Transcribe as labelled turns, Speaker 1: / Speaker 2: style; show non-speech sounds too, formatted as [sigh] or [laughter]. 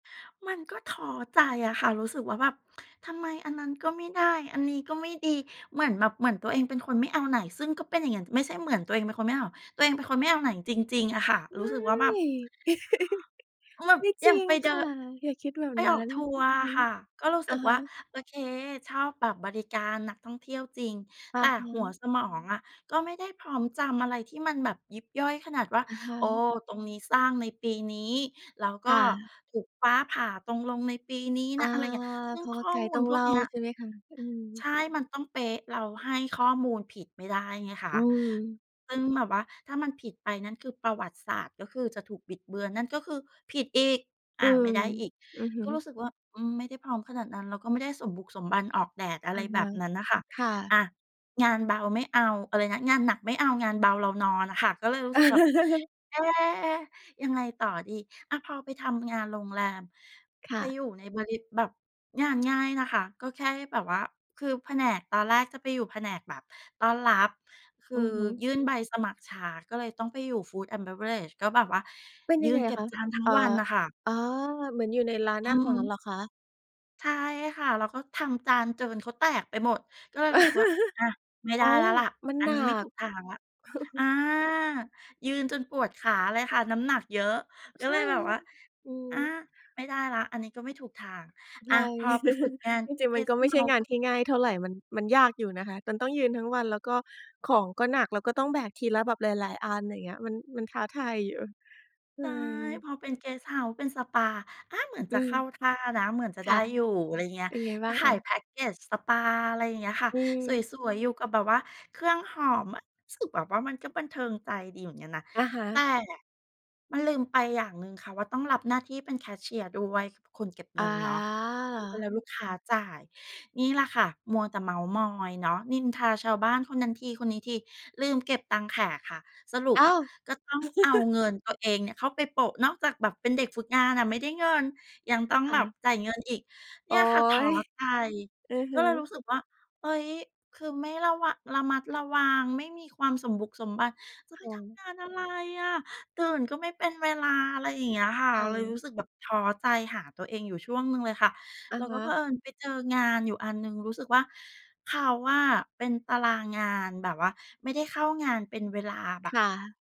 Speaker 1: มันก็ท้อใจอะค่ะ รู้สึกว่าแบบ ทำไมอันนั้นก็ไม่ได้ อันนี้ก็ไม่ดี เหมือนแบบ เหมือนตัวเองเป็นคนไม่เอาไหน ซึ่งก็เป็นอย่างงั้น ไม่ใช่เหมือนตัวเองเป็นคนไม่เอา ตัวเองเป็นคนไม่เอาไหนจริง ๆ อะค่ะ
Speaker 2: ไ
Speaker 1: ร
Speaker 2: ม
Speaker 1: ู้
Speaker 2: ่
Speaker 1: สึกว่า แบบ
Speaker 2: [chuckles]
Speaker 1: แบบ
Speaker 2: ไม่
Speaker 1: อ
Speaker 2: จ
Speaker 1: ย่
Speaker 2: ร
Speaker 1: าง
Speaker 2: ิง
Speaker 1: ไปเด
Speaker 2: ค
Speaker 1: ิ
Speaker 2: ่
Speaker 1: น
Speaker 2: ะ อย่าคิดแบบ
Speaker 1: ไป
Speaker 2: นั
Speaker 1: ออ
Speaker 2: ้
Speaker 1: ก
Speaker 2: น
Speaker 1: ทั
Speaker 2: ฮ
Speaker 1: ว
Speaker 2: ึ
Speaker 1: ร์
Speaker 2: อือ
Speaker 1: อ
Speaker 2: ฮ
Speaker 1: ะ
Speaker 2: ึ
Speaker 1: ค่ะ ก็รู้
Speaker 2: อ
Speaker 1: สึ
Speaker 2: ะ
Speaker 1: ก
Speaker 2: ฮ
Speaker 1: ว่า
Speaker 2: ะ
Speaker 1: โอเค ชอบแบบบริการนักท่องเที่ยวจริง
Speaker 2: อ
Speaker 1: แ
Speaker 2: ะ
Speaker 1: ต่
Speaker 2: ฮ
Speaker 1: หัว
Speaker 2: ะ
Speaker 1: สมองอะก็ไม่ได้พร้อมจำอะไรที่มันแบบยิบย่อยขนาดว่า
Speaker 2: อะฮ
Speaker 1: โอ้
Speaker 2: ะ
Speaker 1: ตรงนี้สร้างในปีนี้ แล้วก
Speaker 2: ค
Speaker 1: ็
Speaker 2: ่ะ
Speaker 1: ถูกฟ้าผ่าตรง ลงในปีนี้
Speaker 2: อ
Speaker 1: น
Speaker 2: า
Speaker 1: ะ อะไรเงี้ย เรื
Speaker 2: เ
Speaker 1: ่อ
Speaker 2: พ
Speaker 1: ง
Speaker 2: ราะ
Speaker 1: ข
Speaker 2: ว่า
Speaker 1: ้อ
Speaker 2: ไกด
Speaker 1: ม
Speaker 2: ์
Speaker 1: ู
Speaker 2: ต
Speaker 1: ล
Speaker 2: ้อง
Speaker 1: พ
Speaker 2: เ
Speaker 1: ว
Speaker 2: ล
Speaker 1: ก
Speaker 2: ่า
Speaker 1: เนี้ย
Speaker 2: ใช่ไหมคะ? อื
Speaker 1: ใ
Speaker 2: ม
Speaker 1: ช่ มันต้องเป๊ะ เราให้ข้อมูลผิดไม่ได้ไงค
Speaker 2: อ
Speaker 1: ะ
Speaker 2: ืม
Speaker 1: ซึ่งแบบว่าถ้ามันผิดไป นั่นคือประวัติศาสตร์ก็คือจะถูกบิดเบือน นั่นก็คือ ผิดอีก อ
Speaker 2: อื
Speaker 1: ะ ไ
Speaker 2: ม
Speaker 1: ม่ได้อีก
Speaker 2: อือฮ
Speaker 1: ก็รู
Speaker 2: ึ
Speaker 1: ้สึกว่า อืม ไม่ได้พร้อมขนาดนั้น แล้วก็ไม่ได้สมบุกสมบัน ออกแดดอะ
Speaker 2: อ
Speaker 1: ไร
Speaker 2: ะ
Speaker 1: แ
Speaker 2: ฮ
Speaker 1: บ
Speaker 2: ะ
Speaker 1: บนั้นน่ะค่ะ
Speaker 2: ค่ะ
Speaker 1: อะ งานเบาไม่เอา อะไรนะ งานหนักไม่เอา งานเบาเรานอนน่ะค่ะ ก็เลยรู้สึกแบบ
Speaker 2: [chuckles]
Speaker 1: "เอ๊ ยังไงต่อดี" อะ พอไปทำงานโรงแรม
Speaker 2: ค่
Speaker 1: ไป
Speaker 2: ะ
Speaker 1: อยู่ในบริ แบบงานง่ายนะคะ ก็แค่ให้แบบว่า คือแผนก ตอนแรกจะไปอยู่แผนกแบบต้อนรับ คื
Speaker 2: อื
Speaker 1: อ
Speaker 2: อฮึ
Speaker 1: ยื่นใบสมัครช้าก็เลยต้องไปอยู่ Food and Beverage ก็แบบว่า
Speaker 2: เป็น
Speaker 1: ย
Speaker 2: ยั
Speaker 1: ื
Speaker 2: งไ
Speaker 1: น
Speaker 2: ง
Speaker 1: เก
Speaker 2: อ
Speaker 1: ็
Speaker 2: ะ
Speaker 1: บ
Speaker 2: คะ?
Speaker 1: จานทั้
Speaker 2: อ
Speaker 1: ง
Speaker 2: ่า
Speaker 1: วันน่ะค่ะ
Speaker 2: อ๋อ เหมือนอยู่ในร้าน
Speaker 1: อื
Speaker 2: อา
Speaker 1: อ
Speaker 2: ห
Speaker 1: ฮ
Speaker 2: ารเห
Speaker 1: ึ
Speaker 2: รอคะ?
Speaker 1: ใช่ค่ะ เราก็ทำจานเจินเขาแตกไปหมด ก็เลยรู้สึกว่า
Speaker 2: [chuckles]
Speaker 1: "อะ ไม่ไ
Speaker 2: อ
Speaker 1: ด
Speaker 2: ๋
Speaker 1: ้
Speaker 2: อ
Speaker 1: แล้
Speaker 2: อย
Speaker 1: ว
Speaker 2: ู
Speaker 1: แ
Speaker 2: ่
Speaker 1: หละ
Speaker 2: มัน
Speaker 1: อั
Speaker 2: ห
Speaker 1: น
Speaker 2: นั
Speaker 1: นี้ไม่ถู
Speaker 2: ก
Speaker 1: กทางแล้ว" อา
Speaker 2: [chuckles]
Speaker 1: ยืนจนปวดขาเลยค่ะ น้ำหนักเยอะ ก็
Speaker 2: ใช
Speaker 1: เ
Speaker 2: ่
Speaker 1: ลยแบ
Speaker 2: เล
Speaker 1: บว
Speaker 2: ย
Speaker 1: ่า
Speaker 2: อื
Speaker 1: "อ๊ะ
Speaker 2: ม
Speaker 1: ไม่ได้แล้ว อันนี้ก็ไม่ถูกทาง"
Speaker 2: ใช
Speaker 1: อะ
Speaker 2: ่
Speaker 1: พอไปฝึก
Speaker 2: [chuckles]
Speaker 1: งาน
Speaker 2: จริง
Speaker 1: เก
Speaker 2: ๆ มัน
Speaker 1: ส
Speaker 2: ก็
Speaker 1: ต์
Speaker 2: ไ
Speaker 1: เ
Speaker 2: ม่
Speaker 1: ฮ
Speaker 2: ใช่
Speaker 1: าส
Speaker 2: ง
Speaker 1: ์
Speaker 2: า
Speaker 1: ก
Speaker 2: น
Speaker 1: ็
Speaker 2: ที่ง่ายเท่าไร มัน มันยากอยู่นะคะ ตน ต้องยืนทั้งวัน แล้วก็ของก็หนัก แล้วก็ต้องแบกทีละแบบหลาย ๆ อัน อย่างเงี้ย มัน มันท้าทายอยู่ เหนื
Speaker 1: ใช
Speaker 2: ่
Speaker 1: ่
Speaker 2: อยอยู่
Speaker 1: พอเป็นเกสต์เฮาส์ เป็นสปา อ๊ะ เหมือน
Speaker 2: อ
Speaker 1: จ
Speaker 2: ื
Speaker 1: ะเข
Speaker 2: ม
Speaker 1: ้าท่านะ เหมือนจะ
Speaker 2: ค
Speaker 1: ได้
Speaker 2: ่ะ
Speaker 1: อยู่ อะไรเงี้
Speaker 2: เ
Speaker 1: ย
Speaker 2: ป็นไงบ
Speaker 1: ก
Speaker 2: ้
Speaker 1: ็
Speaker 2: างเ
Speaker 1: ข
Speaker 2: อ่
Speaker 1: าย
Speaker 2: ย?
Speaker 1: แพ็กเกจสปา อะไรอย่างเงี้ยค่ะ
Speaker 2: อื
Speaker 1: ส
Speaker 2: ม
Speaker 1: วย ๆ อยู่กับแบบว่าเครื่องหอม อะ รู้สึกแบบว่ามันก็บันเทิงใจดีเหมือนกันนะ
Speaker 2: อะฮ
Speaker 1: แต่
Speaker 2: ะ
Speaker 1: มันลืมไปอย่างหนึ่งค่ะว่า ต้องรับหน้าที่เป็นแคชเชียร์ด้วย คือเป็นคนเก็บเง
Speaker 2: อ
Speaker 1: ินเนาะเว
Speaker 2: า
Speaker 1: ลาลูกค้าจ่าย นี่แหละค่ะมัวแต่เม้าท์มอยเนาะ นินทาชาวบ้านคนนั้นที คนนี้ที ลืมเก็บตังค์แขกค่ะ สรุป
Speaker 2: อ้
Speaker 1: อ
Speaker 2: า
Speaker 1: ะ
Speaker 2: ว!
Speaker 1: ก็ต้องเอา
Speaker 2: [chuckles]
Speaker 1: เงินตัวเองเนี่ยเข้าไปโปะ นอกจากแบบเป็นเด็กฝึกงานน่ะไม่ได้เงิน ยังต้อง
Speaker 2: ค่
Speaker 1: แบบ
Speaker 2: ะ
Speaker 1: จ่ายเงินอีก เน
Speaker 2: โ
Speaker 1: ี
Speaker 2: อ๊
Speaker 1: ่ยค่ะ ท้อ
Speaker 2: ย
Speaker 1: ใจ
Speaker 2: อือฮ
Speaker 1: ก็เลยร
Speaker 2: ึ
Speaker 1: ู้สึกว่า เฮ้ย คือไม่ระวะ ระมัดระวัง ไม่มีความสมบุกสมบัน จะไ
Speaker 2: ค
Speaker 1: ป
Speaker 2: ่
Speaker 1: ทำ
Speaker 2: ะ
Speaker 1: งานอะไรอะ ตื่นก็ไม่เป็นเวลา อะไรอย่างเงี้ยค่ะ
Speaker 2: ค
Speaker 1: เร
Speaker 2: ่
Speaker 1: าเลย
Speaker 2: ะ
Speaker 1: รู้สึกแบบท้อใจ หาตัวเองอยู่ช่วงหนึ่งเลยค่ะ
Speaker 2: อะ
Speaker 1: แล้ว
Speaker 2: ฮ
Speaker 1: ก็เผ
Speaker 2: ะ
Speaker 1: อิญไปเจองานอยู่อันหนึ่ง รู้สึกว่า เขาอะเป็นตารางงาน แบบว่าไม่ได้เข้างานเป็นเวลาแบ
Speaker 2: ค
Speaker 1: บ
Speaker 2: ่ะ